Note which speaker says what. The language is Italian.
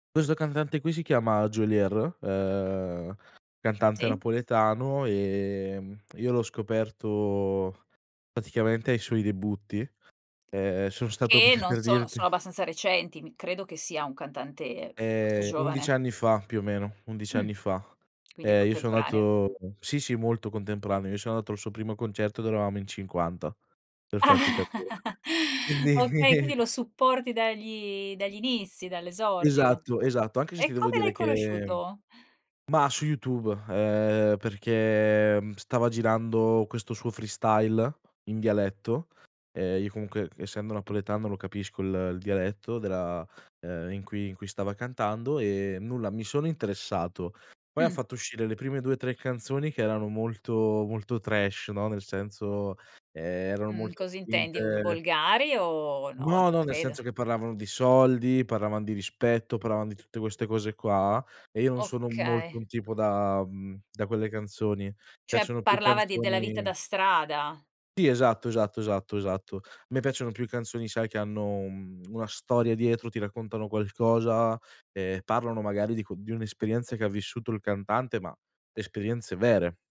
Speaker 1: Questo cantante qui si chiama Geolier, ehm, cantante
Speaker 2: Sì.
Speaker 1: napoletano, ehm, io l'ho scoperto praticamente ai suoi debutti. Ehm, sono stato
Speaker 2: Che
Speaker 1: per
Speaker 2: non
Speaker 1: per
Speaker 2: sono
Speaker 1: dirti
Speaker 2: sono abbastanza recenti, mhmm, credo che sia un cantante molto
Speaker 1: Ehm, 11
Speaker 2: giovane.
Speaker 1: anni fa più o meno, 11
Speaker 2: Mh.
Speaker 1: anni fa.
Speaker 2: Quindi
Speaker 1: E io so'
Speaker 2: contemporanea.
Speaker 1: nato sì, sì molto contemporaneo, io so' nato il suo primo concerto dove eravamo in 50
Speaker 2: Ah!
Speaker 1: per farti capire. Quindi
Speaker 2: Okay, quindi lo supporti dagli dagli inizi, dall'esordio.
Speaker 1: Esatto, esatto, anche se ti
Speaker 2: E
Speaker 1: devo
Speaker 2: come
Speaker 1: dire
Speaker 2: l'hai
Speaker 1: che
Speaker 2: conosciuto?
Speaker 1: mah, su YouTube, ehm, perché, mhmm, stava girando questo suo freestyle in dialetto, ehm, io comunque c essendo napoletano lo capisco il il dialetto della ehm, in cui in cui stava cantando, e nulla mi sono interessato. Poi ha
Speaker 2: Mh.
Speaker 1: fatto uscire le prime 2, 3 canzoni che erano molto, molto trash, no, nel senso, ehm, eran
Speaker 2: Mhmm,
Speaker 1: molto
Speaker 2: cosa intendi, vo
Speaker 1: spinte.
Speaker 2: volgari o no,
Speaker 1: No,
Speaker 2: non
Speaker 1: no, nel
Speaker 2: credo.
Speaker 1: senso che parlavano di soldi, parlavan di rispetto, parlavano di tutte queste cose qua, e io non sono molto
Speaker 2: Okay.
Speaker 1: un tipo da uhm, da quelle canzoni.
Speaker 2: Cioè
Speaker 1: Piacciono più
Speaker 2: parlava di della vita
Speaker 1: canzoni
Speaker 2: da strada.
Speaker 1: Sì, esatto, esatto, esatto, esatto. A me piacciono più canzoni sai che hanno un una storia dietro, ti raccontano qualcosa e parlano magari di co di un'esperienza che ha vissuto il cantante, ma esperienze vere.